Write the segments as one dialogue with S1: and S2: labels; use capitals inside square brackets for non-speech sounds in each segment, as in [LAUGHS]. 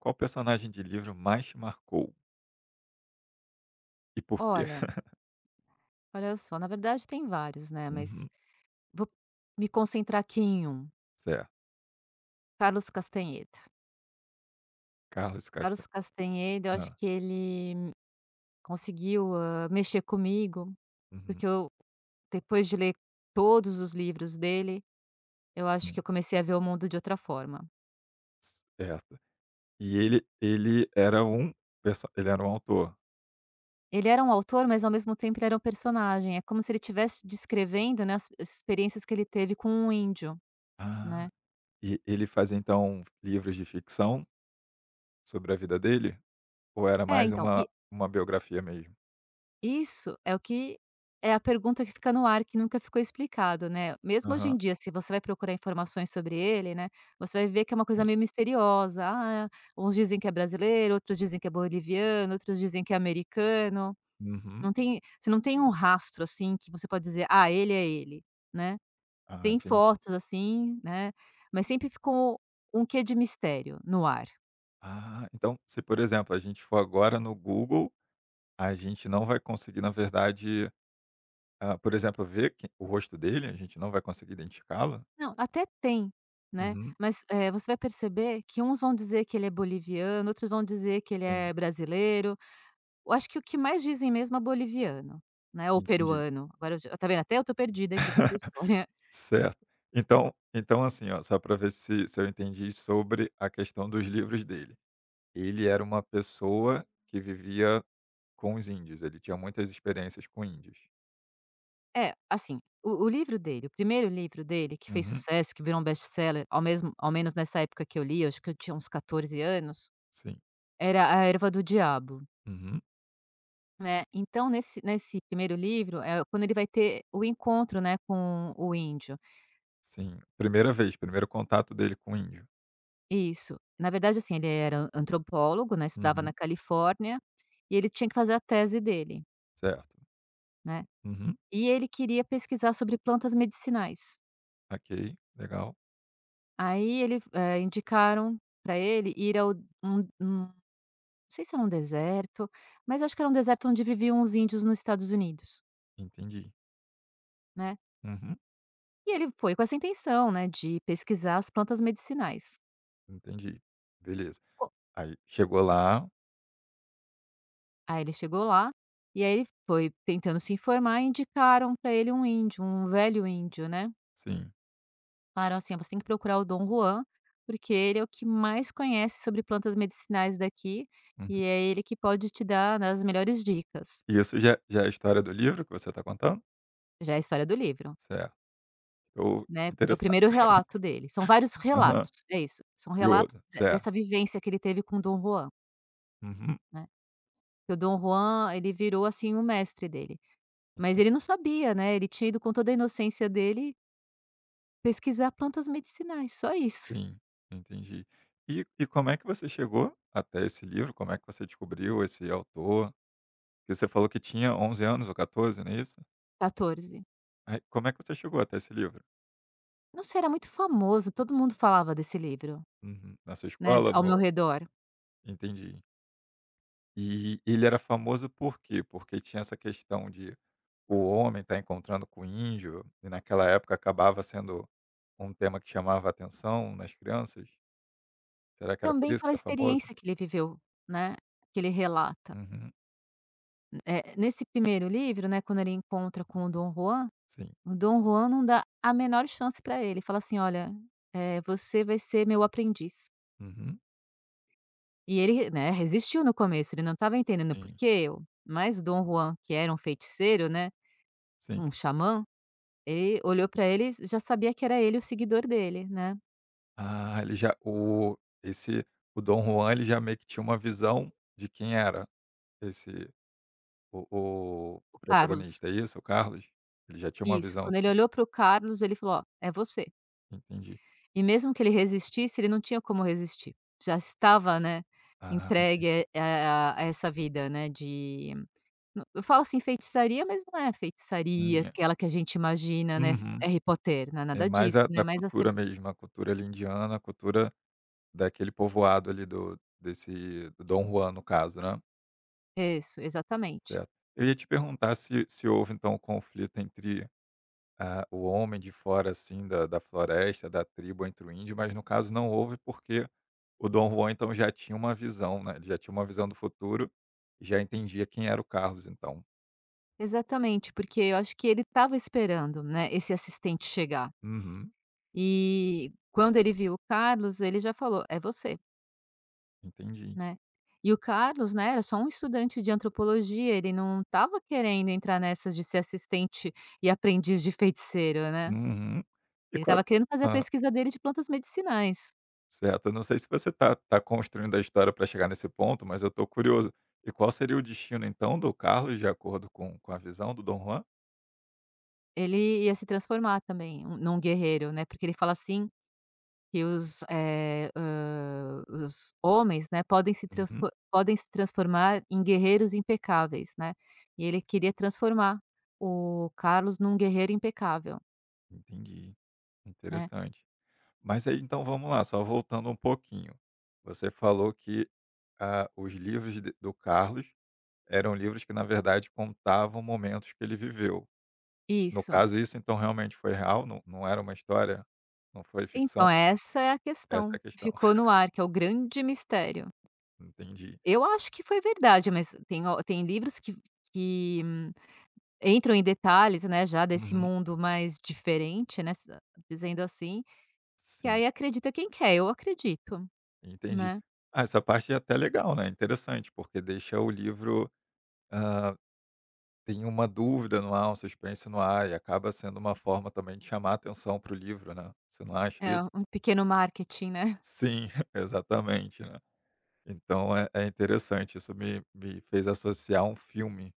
S1: Qual personagem de livro mais te marcou? E por quê?
S2: Olha
S1: [CHUCKLES]
S2: Olha só, na verdade, tem vários, né, mas
S1: Uhum.
S2: vou me concentrar aqui em um.
S1: Certo.
S2: Carlos Castanheda.
S1: Carlos Casta
S2: Carlos Castanheda, eu acho
S1: Hã.
S2: que ele, conseguiu, hã, mexer comigo.
S1: Uhum.
S2: Porque eu depois de ler todos os livros dele, eu acho que
S1: Hum.
S2: eu comecei a ver o mundo de outra forma.
S1: Certo. E ele ele era um perso ele era um autor?
S2: Ele era um autor, mas, ao mesmo tempo, ele era um personagem. É como se ele tivesse descrevendo, né, as as experiências que ele teve com um índio,
S1: Ah!
S2: né.
S1: E ele faz, então, livros de ficção sobre a vida dele? Ou era
S2: É,
S1: mais
S2: então
S1: uma
S2: e
S1: uma biografia mesmo?
S2: Isso é o que é a pergunta que fica no ar que nunca ficou explicado, né. Mesmo hoje
S1: Aham.
S2: em dia, se você vai procurar informações sobre ele, né, você vai ver que é uma coisa
S1: Sim.
S2: meio misteriosa. Ah, uns dizem que é brasileiro, outros dizem que é boliviano, outros dizem que é americano.
S1: Uhum.
S2: Não tem você não tem um rastro, assim, que você pode dizer: "Ah, ele é ele", né.
S1: Ah,
S2: Tem
S1: entendi.
S2: fotos, assim, né, mas sempre ficou, um quê de mistério no ar.
S1: Ah, então, se, por exemplo, a gente for agora no Google, a gente não vai conseguir na verdade, ah, por exemplo ver que o rosto dele? A gente não vai conseguir identificá-lo?
S2: Não, até tem, né.
S1: Uhum.
S2: Mas, eh, você vai perceber que uns vão dizer que ele é boliviano, outros vão dizer que ele
S1: Sim.
S2: é brasileiro. Eu acho que o que mais dizem mesmo é boliviano, né, ou
S1: Entendi.
S2: peruano. Agora eu já tá vendo, até eu tô perdida aqui com essa história.
S1: [CHUCKLES] Certo. Então então, assim, ó, só pra ver se se eu entendi sobre a questão dos livros dele. Ele era uma pessoa que vivia com os índios. Ele tinha muitas experiências com índios.
S2: É. Assim, o o livro dele o 1º livro dele que fez
S1: Uhum.
S2: sucesso, que virou um best-seller ao mesmo ao menos nessa época que eu li, eu acho que eu tinha uns 14 anos,
S1: Sim.
S2: era A erva do Diabo.
S1: Uhum.
S2: Né. Então, nesse nesse 1º livro, eh, quando ele vai ter o encontro, né, com o índio.
S1: Sim. 1ª vez? 1º contato dele com índio?
S2: Isso. Na verdade, assim, ele era antropólogo, né. Estudava na
S1: Uhum.
S2: Califórnia. E ele tinha que fazer a tese dele.
S1: Certo.
S2: Né,
S1: Uhum.
S2: e ele queria pesquisar sobre plantas medicinais.
S1: Ok, legal.
S2: Aí ele fo eh, indicaram pra ele ir ao um um não sei se era um deserto, mas acho que era um deserto onde viviam os índios nos Estados Unidos.
S1: Entendi.
S2: Né.
S1: Uhum.
S2: E ele foi com essa intenção, né, de pesquisar as plantas medicinais.
S1: Entendi, beleza.
S2: Co
S1: Aí chegou lá
S2: Aí ele chegou lá, e aí ele foi tentando se informar e indicaram pra ele um índio, um velho índio, né.
S1: Sim.
S2: Falaram assim: "Você tem que procurar o Don Juan, porque ele é o que mais conhece sobre plantas medicinais daqui e
S1: Uhum.
S2: é ele que pode te dar, né, as melhores dicas".
S1: E isso já já é a história do livro que você tá contando?
S2: Já é a história do livro.
S1: Certo. Tô
S2: Né, é o
S1: interessado.
S2: primeiro relato dele. São vários
S1: [LAUGHS] Aham.
S2: relatos, é isso, são relatos
S1: Curioso,
S2: de
S1: certo.
S2: dessa vivência que ele teve com o Dom Juan.
S1: Uhum.
S2: Né, porque o Dom Juan, ele virou, assim, o mestre dele. Mas ele não sabia, né, ele tinha ido com toda a inocência dele pesquisar plantas medicinais, só isso.
S1: Sim, entendi. E e como é que você chegou até esse livro? Como é que você descobriu esse autor? Porque você falou que tinha 11 anos ou 14, não é isso?
S2: 14.
S1: Ai, como é que você chegou até esse livro?
S2: Nossa, era muito famoso, todo mundo falava desse livro,
S1: Uhum. Na sua
S2: né,
S1: escola,
S2: ao meu
S1: no
S2: redor.
S1: Entendi. Eh, ele era famoso por quê? Porque tinha essa questão de o homem estar encontrando com o índio e naquela época acabava sendo um tema que chamava atenção nas crianças. Será que era por
S2: Também
S1: isso
S2: pela
S1: que era famoso?
S2: experiência que ele viveu, né, que ele relata.
S1: Uhum.
S2: Hum, eh, nesse primeiro livro, né, quando ele encontra com o Dom Juan,
S1: Sim.
S2: o Dom Juan não dá a menor chance pra ele, fala assim olha: "Eh, você vai ser meu aprendiz".
S1: Uhum.
S2: E ele re né, resistiu no começo, ele não estava entendendo "por
S1: Sim.
S2: que eu?". Mas o Dom Juan, que era um feiticeiro, né,
S1: Sim.
S2: um xamã, e olhou pra ele, já sabia que era ele o seguidor dele, né.
S1: Ah, ele já oh esse o Dom Juan, ele já meio que tinha uma visão de quem era esse, o o
S2: O Carlos.
S1: protagonista, é isso, o Carlos? Ele já tinha uma
S2: Isso.
S1: visão
S2: Quando ele
S1: assim.
S2: olhou para o Carlos, ele falou: "Ó, é você".
S1: Entendi.
S2: E mesmo que ele resistisse, ele não tinha como resistir. Já estava, né,
S1: Ah entendi.
S2: entregue, eh a a essa vida, né, de eu eu falo assim feitiçaria, mas não é feitiçaria,
S1: [UNINTELLIGIBLE]
S2: aquela que a gente imagina, né,
S1: Uhum.
S2: Harry Potter, não é
S1: É
S2: nada
S1: mais
S2: disso,
S1: a
S2: né,
S1: da
S2: mas as te
S1: cultura mesmo, a cultura ali, indiana, a cultura daquele povoado ali do desse do Dom Juan, no caso, né.
S2: Isso, exatamente.
S1: Certo. Eu ia te perguntar se se houve, então, o conflito entre, ah, o homem de fora assim da da floresta, da tribo, entre o índio, mas no caso não houve, porque o Don Juan, então, já tinha uma visão, né, ele já tinha uma visão do futuro, já entendia quem era o Carlos, então.
S2: Exatamente, porque eu acho que ele estava esperando, né, esse assistente chegar.
S1: Uhum.
S2: E quando ele viu o Carlos, ele já falou: "É você".
S1: Entendi.
S2: Né. E o Carlos, né, era só um estudante de antropologia, ele não estava querendo entrar nessa de ser assistente e aprendiz de feiticeiro, né.
S1: Uhum. E
S2: Ele
S1: qual
S2: estava querendo fazer a
S1: era ah.
S2: pesquisa dele de plantas medicinais.
S1: Certo, eu não sei se você tá tá construindo a história pra chegar nesse ponto, mas eu tô curioso. E qual seria o destino, então, do Carlos de acordo com com a visão do Dom Juan?
S2: Ele ia se transformar também um num guerreiro, né, porque ele fala assim que os eh, hã, o os homens, né, podem se
S1: Uhum.
S2: tranfor podem se transformar em guerreiros impecáveis, né, e ele queria transformar o Carlos num guerreiro impecável.
S1: Entendi,
S2: Né.
S1: interessante. Mas aí então vamos lá, só voltando um pouquinho, você falou que, ah, os livros de do Carlos eram livros que na verdade contavam momentos que ele viveu. No
S2: Isso.
S1: caso, isso então realmente foi real, não não era uma história não foi
S2: Então,
S1: ficção?
S2: é essa é a
S1: Essa é
S2: questão
S1: a
S2: que
S1: questão.
S2: ficou
S1: [CHUCKLES]
S2: no ar que é o grande mistério.
S1: Entendi.
S2: Eu acho que foi verdade, mas tem o tem livros que v que entram em detalhes, né, já desse
S1: Uhum.
S2: mundo mais diferente, né, dizendo assim, que
S1: Sim.
S2: aí acredita quem quer, eu acredito,
S1: Entendi.
S2: né.
S1: Ah, essa parte é até legal, né, interessante, porque deixa o livro, hã, tem uma dúvida no ar, um suspense no ar e acaba sendo uma forma, também, de chamar atenção para o livro, né. Você não acha
S2: É
S1: isso?
S2: um pequeno marketing, né? [CHUCKLES]
S1: Sim, [CHUCKLES] exatamente, né. Então é é interessante, isso me me fez associar um filme,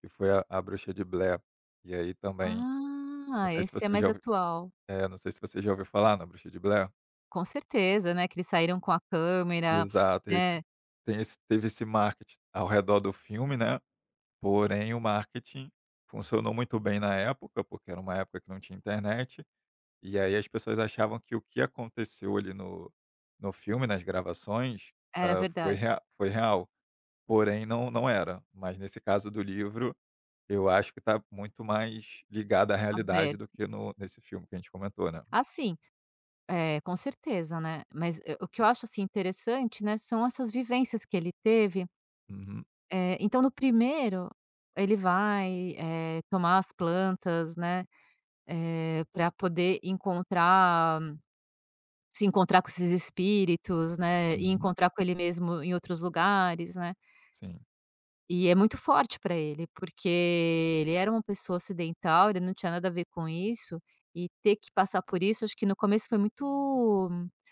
S1: que foi A A Bruxa de Blair, e aí também não
S2: Ah,
S1: sei se
S2: esse é
S1: você já
S2: mais
S1: ouviu
S2: atual.
S1: eh, não sei se você já ouviu falar na Bruxa de Blair.
S2: Com certeza, né, que eles saíram com a câmera,
S1: Exato,
S2: [SNIFFS]
S1: e aí
S2: né.
S1: tem tem esse teve esse marketing ao redor do filme, né, porém o marketing funcionou muito bem na época, porque era uma época que não tinha internet, e aí as pessoas achavam que o que aconteceu ali no no filme, nas gravações,
S2: Era
S1: hã, foi
S2: verdade.
S1: rea foi real, porém não não era, mas nesse caso do livro, eu acho que está muito mais ligada à realidade do
S2: Aberto.
S1: que no nesse filme que a gente comentou, né.
S2: Assim, eh, com certeza, né, mas, eh, o que eu acho assim interessante, né, são essas vivências que ele teve...
S1: Uhum.
S2: eh, então no primeiro, ele vai, eh, tomar as plantas, né, eh, para poder encontrar. Se encontrar com esses espíritos, né, e
S1: Uhum.
S2: encontrar com ele mesmo em outros lugares, né.
S1: Sim.
S2: E é muito forte para ele, porque ele era uma pessoa ocidental, ele não tinha nada a ver com isso e ter que passar por isso, acho que no começo foi muito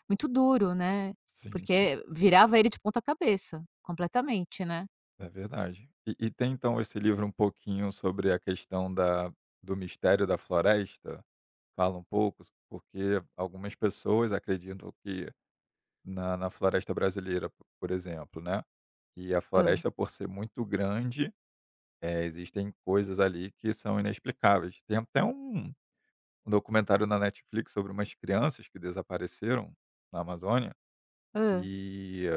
S2: muito duro, né,
S1: Sim, sim.
S2: porque virava ele de ponta-cabeça, completamente, né.
S1: É verdade. E e tem então esse livro um pouquinho sobre a questão da do mistério da floresta, fala um pouco s porque algumas pessoas acreditam que na na floresta brasileira, por exemplo, né, e a
S2: Hã.
S1: floresta por ser muito grande, eh, existem coisas ali que são inexplicáveis. Tem até um um documentário na Netflix sobre umas crianças que desapareceram na Amazônia,
S2: Hã.
S1: e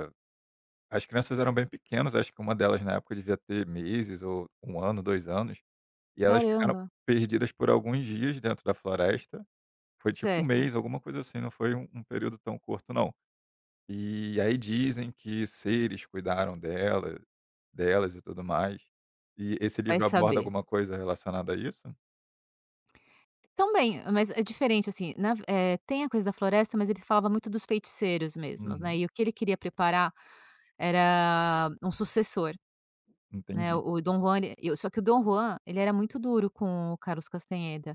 S1: as crianças eram bem pequenas, acho que uma delas na época devia ter meses ou 1 ano, 2 anos, e elas ficaram
S2: Caramba.
S1: perdidas por alguns dias dentro da floresta. Foi tipo 1
S2: Certo.
S1: mês, alguma coisa assim, não foi um um período tão curto não. E aí dizem que seres cuidaram dela delas e tudo mais. E esse
S2: Vai
S1: livro aborda
S2: saber.
S1: alguma coisa relacionada a isso?
S2: Também, mas é diferente, assim, na ve eh, tem a coisa da floresta, mas eles falava muito dos feiticeiros mesmos,
S1: Uhum.
S2: né, e o que ele queria preparar era um sucessor, né,
S1: Entendi.
S2: o o Dom Juan, ele só que o Dom Juan, ele era muito duro com o Carlos Castaneda,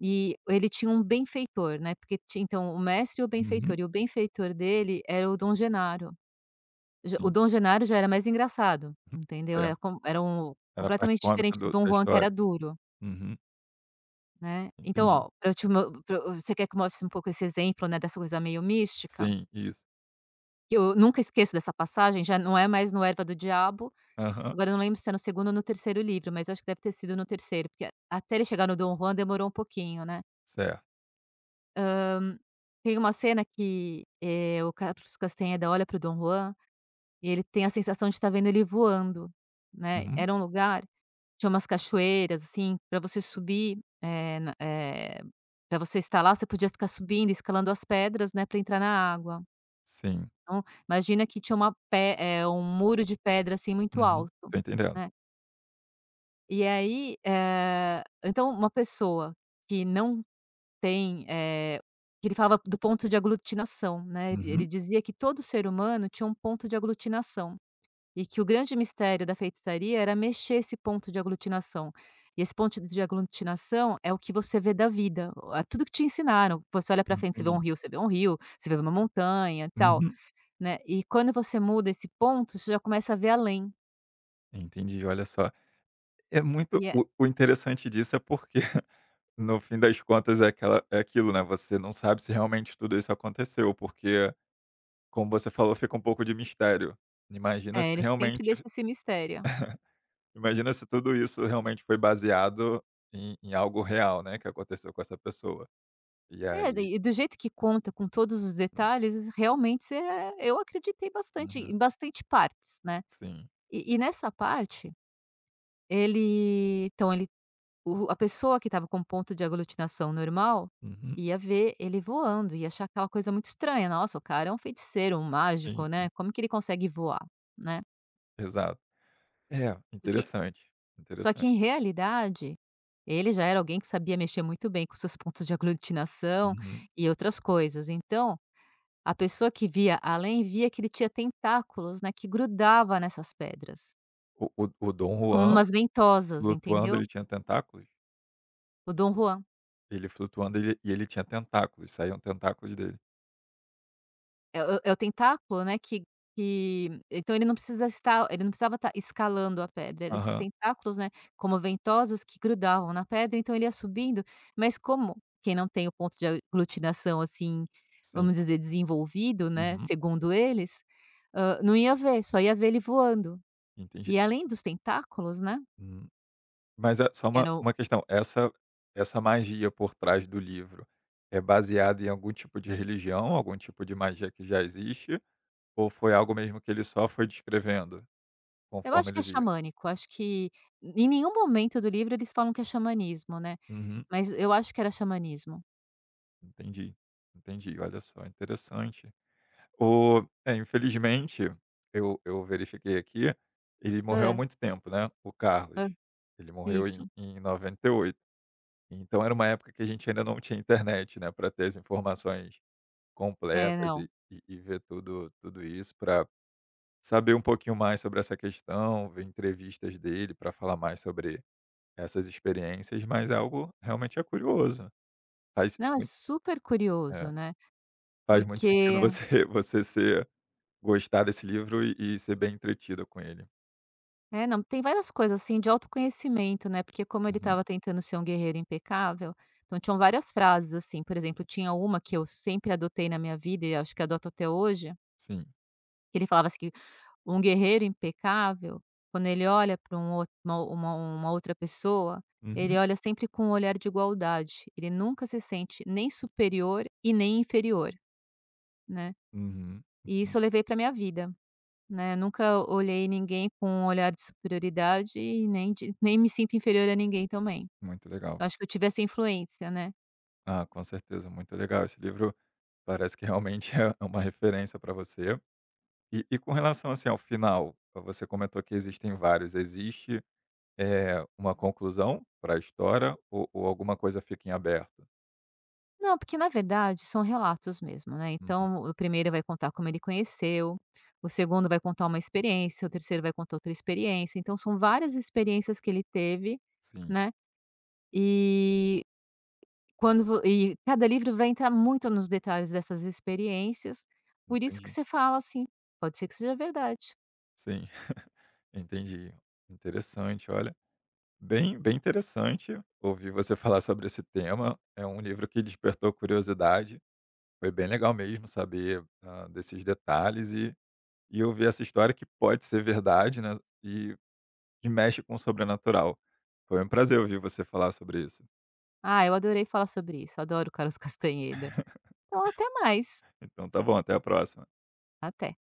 S2: e ele tinha um benfeitor, né, porque ti então, o mestre e o benfeitor,
S1: Uhum.
S2: e o benfeitor dele era o Dom Genaro. Ge o
S1: Sim.
S2: Dom Genaro já era mais engraçado, entendeu,
S1: Cer
S2: era com era um o
S1: Era a parte
S2: completamente
S1: cômica
S2: diferente do
S1: do
S2: Dom
S1: da
S2: Juan, que era
S1: história?
S2: duro.
S1: Uhum.
S2: Né. Então
S1: Entendi.
S2: ó, pra eu te mo pra eu você quer que mostre um pouco esse exemplo, né, dessa coisa meio mística?
S1: Sim, isso.
S2: Que eu nunca esqueço dessa passagem, já não é mais no Erva do Diabo,
S1: Aham.
S2: agora eu não lembro se é no 2º ou no 3º livro, mas eu acho que deve ter sido no 3º, porque a até ele chegar no Dom Juan demorou um pouquinho, né.
S1: Cer
S2: Hã, tem uma cena que, eh, o Carlos Castaneda olha para o Dom Juan e ele tem a sensação de estar vendo ele voando, né.
S1: Uhum.
S2: Era um lugar, tinha umas cachoeiras, assim, pra você subir, eh, na eh, pra você estar lá, você podia ficar subindo, escalando as pedras, né, pra entrar na água.
S1: Sim.
S2: Então, imagina que tinha uma pe eh, um muro de pedra, assim, muito
S1: Uhum.
S2: alto,
S1: Tô entendendo.
S2: né. E aí, eh, então uma pessoa que não tem, eh, que ele falava do ponto de aglutinação né, ele ele
S1: Uhum.
S2: dizia que todo ser humano tinha um ponto de aglutinação, e que o grande mistério da feitiçaria era mexer esse ponto de aglutinação, e esse ponto de aglutinação é o que você vê da vida, tudo que te ensinaram, você olha para frente você vê um
S1: Entendi.
S2: rio você vê um rio, você vê uma montanha tal,
S1: Uhum.
S2: né, e quando você muda esse ponto você já começa a ver além.
S1: Entendi, olha só. É muito
S2: E, é.
S1: o o interessante disso é porque, no fim das contas é aquela é aquilo né, você não sabe se realmente tudo isso aconteceu, porque como você falou fica um pouco de mistério. Imagina se
S2: É, ele sempre
S1: realmente
S2: deixa
S1: [CHUCKLES]
S2: esse mistério.
S1: imagina se tudo isso realmente foi baseado em em algo real né, que aconteceu com essa pessoa. E
S2: É,
S1: aí.
S2: daí e do jeito que conta com todos os
S1: Hum.
S2: detalhes, realmente você é eu acreditei bastante
S1: Uhum.
S2: em bastante partes né.
S1: Sim.
S2: E e nessa parte, ele então ele o a pessoa que estava com ponto de aglutinação normal
S1: Uhum.
S2: ia ver ele voando ia achar aquela coisa muito estranha, nossa o cara é um feiticeiro, um
S1: Sim,
S2: mágico
S1: sim.
S2: né, como que ele consegue voar, né.
S1: Exato. É,
S2: Do que
S1: interessante,
S2: só que
S1: interessante.
S2: em realidade ele já era alguém que sabia mexer muito bem com seus pontos de aglutinação
S1: Uhum.
S2: e outras coisas, então a pessoa que via além via que ele tinha tentáculos né, que grudava nessas pedras
S1: O o o Dom
S2: como
S1: Juan,
S2: umas ventosas
S1: flutuando
S2: entendeu?
S1: ele tinha tentáculos?
S2: O Dom Juan.
S1: Ele flutuando, ele e ele tinha tentáculos, saíam tentáculos dele.
S2: É o é o tentáculo, né, que que então ele não precisa estar ele não precisava estar escalando a pedra, era esses
S1: Aham.
S2: tentáculos, né, como ventosas que grudavam na pedra, então ele ia subindo, mas como quem não tem o ponto de aglutinação, assim,
S1: Sim.
S2: vamos dizer, desenvolvido, né,
S1: Uhum.
S2: segundo eles, hã, não ia ver, só ia ver ele voando.
S1: Entendi.
S2: E além dos tentáculos, né
S1: Hum. Mas é só uma
S2: era o
S1: uma questão, essa essa magia por trás do livro é baseada em algum tipo de religião, algum tipo de magia que já existe, ou foi algo mesmo que ele só foi descrevendo
S2: Eu
S1: conforme
S2: acho que
S1: ele
S2: é
S1: via?
S2: xamânico, acho que em nenhum momento do livro eles falam que é xamanismo, né,
S1: Uhum.
S2: mas eu acho que era xamanismo.
S1: Entendi, entendi. Olha só, interessante. O é, infelizmente, eu eu verifiquei aqui, ele morreu há
S2: Hã.
S1: muito tempo, né, o Carlos.
S2: Hã.
S1: Ele morreu em
S2: Isso.
S1: em 98. Então era uma época que a gente ainda não tinha internet, né, para ter as informações
S2: É,
S1: completas e
S2: não.
S1: e e ver tudo tudo isso para saber um pouquinho mais sobre essa questão, ver entrevistas dele para falar mais sobre essas experiências, mas é algo realmente é curioso. Faz
S2: Não, é
S1: mui
S2: super curioso,
S1: é,
S2: né.
S1: faz muito sentido
S2: Porque
S1: você você ser gostar desse livro e e ser bem entretida com ele.
S2: Eh, não, tem várias coisas, assim, de autoconhecimento, né, porque como ele
S1: Uhum.
S2: estava tentando ser um guerreiro impecável, então tinham várias frases, assim, por exemplo, tinha uma que eu sempre adotei na minha vida e acho que adoto até hoje
S1: Sim.
S2: que ele falava assim, que um guerreiro impecável quando ele olha pra um outro uma uma outra pessoa, ele
S1: Uhum.
S2: olha sempre com um olhar de igualdade, ele nunca se sente nem superior e nem inferior, né.
S1: Uhum.
S2: E isso eu levei pra minha vida, né, nunca olhei ninguém com um olhar de superioridade e nem de nem me sinto inferior a ninguém também,
S1: Muito legal.
S2: eu acho que eu tive essa influência, né.
S1: Ah, com certeza, muito legal, esse livro parece que realmente é é uma referência pra você. E e com relação, assim, ao final, você comentou que existem vários, existe, eh, uma conclusão pra história ou ou alguma coisa fica em aberto?
S2: Não, porque na verdade são relatos mesmo, né,
S1: Uhum.
S2: então o 1º vai contar como ele conheceu, o 2º vai contar uma experiência, o 3º vai contar outra experiência, então, são várias experiências que ele teve,
S1: Sim.
S2: né, e quando vo e cada livro vai entrar muito nos detalhes dessas experiências, por isso que
S1: Entendi.
S2: você fala assim: "Pode ser que seja verdade".
S1: Sim, [CHUCKLES] entendi. Interessante. Olha, bem bem interessante ouvir você falar sobre esse tema, é um livro que despertou curiosidade, foi bem legal mesmo saber, hã, desses detalhes e e ouvir essa história que pode ser verdade né, e e mexe com o sobrenatural. Foi um prazer ouvir você falar sobre isso.
S2: Ah, eu adorei falar sobre isso, adoro o Carlos Castañeda. Então até mais.
S1: [LAUGHS] Então tá bom, até a próxima.
S2: Até.